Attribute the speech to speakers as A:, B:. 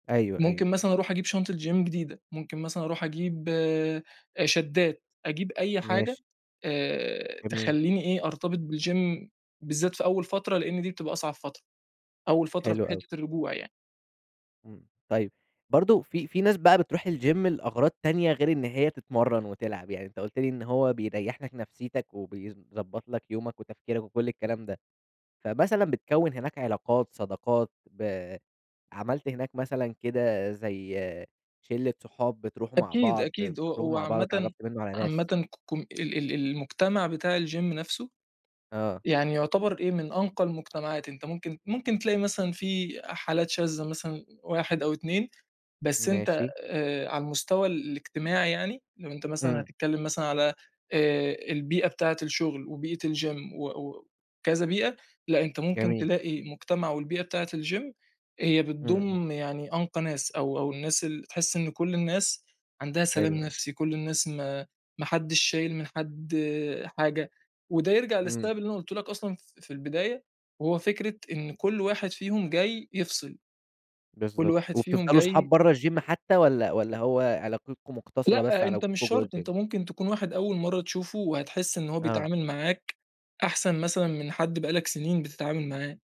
A: أيوه، أيوه
B: ممكن
A: فهمت.
B: مثلًا أروح أجيب شنطة gym جديدة، ممكن مثلًا أروح أجيب آآ شداد، أجيب أي حاجة
A: ماشي.
B: آآ،
A: جميل.
B: تخلّيني إيه أرتبط بالgym بالذات في أول فترة، لإن دي بتبقى أصعب فترة. أول فترة في
A: حلو أوي.
B: حتّة الرجوع يعني.
A: إمم، طيب برضه في في ناس بقى بتروح الgym لأغراض تانية غير إن هي تتمرن وتلعب، يعني أنت قُلت لي إن هو بيريّح لك نفسيتك، وبيضبط لك يومك وتفكيرك وكل الكلام ده، فمثلًا بتكوّن هناك علاقات، صداقات ب عملت هناك مثلًا كده زي شلة صحاب بتروحوا مع
B: أكيد،
A: بعض،
B: أكيد هو
A: بتخرجوا
B: هو
A: مع بعض،
B: عامةً،
A: اتعرفت منه على ناس؟
B: عامةً ك كم ال ال المجتمع بتاع الgym نفسه
A: آه.
B: يعني يعتبر إيه، من أنقى المجتمعات، أنت ممكن ممكن تلاقي مثلًا في حالات شاذة مثلًا واحد أو اتنين، بس أنت
A: ماشي.
B: آآ على المستوى ال الاجتماعي يعني، لو أنت مثلًا
A: إمم.
B: هتتكلم مثلًا على آآ البيئة بتاعة الشغل، وبيئة الgym و و وكذا بيئة، لأ، أنت ممكن
A: جميل.
B: تلاقي مجتمع والبيئة بتاعة الgym هي
A: إمم، إمم.
B: بتضم يعني أنقى ناس أو أو الناس ال بتحس إن كل الناس عندها سلام
A: حلو، آه.
B: نفسي، كل الناس ما ما حدّش شايل من حد حاجة، وده يرجع
A: إمم.
B: للسبب اللي أنا قُلته لك أصلًا ف في البداية، وهو فكرة إن كل واحد فيهم جاي يفصِل. كل
A: بالضبط
B: واحد فيهم
A: وبتفضلوا صحاب
B: جاي
A: بره الgym حتى والّا والّا هو علاقتكم مقتصرة بس
B: لأ،
A: على
B: أنت مش
A: وجودكم جوه
B: شرط، أنت
A: الgym؟
B: ممكن تكون واحد أول مرة تشوفه، وهتحس إن هو
A: آه.
B: بيتعامِل معاك أحسن مثلًا من حد بقى لك سنين بتتعامل معاه.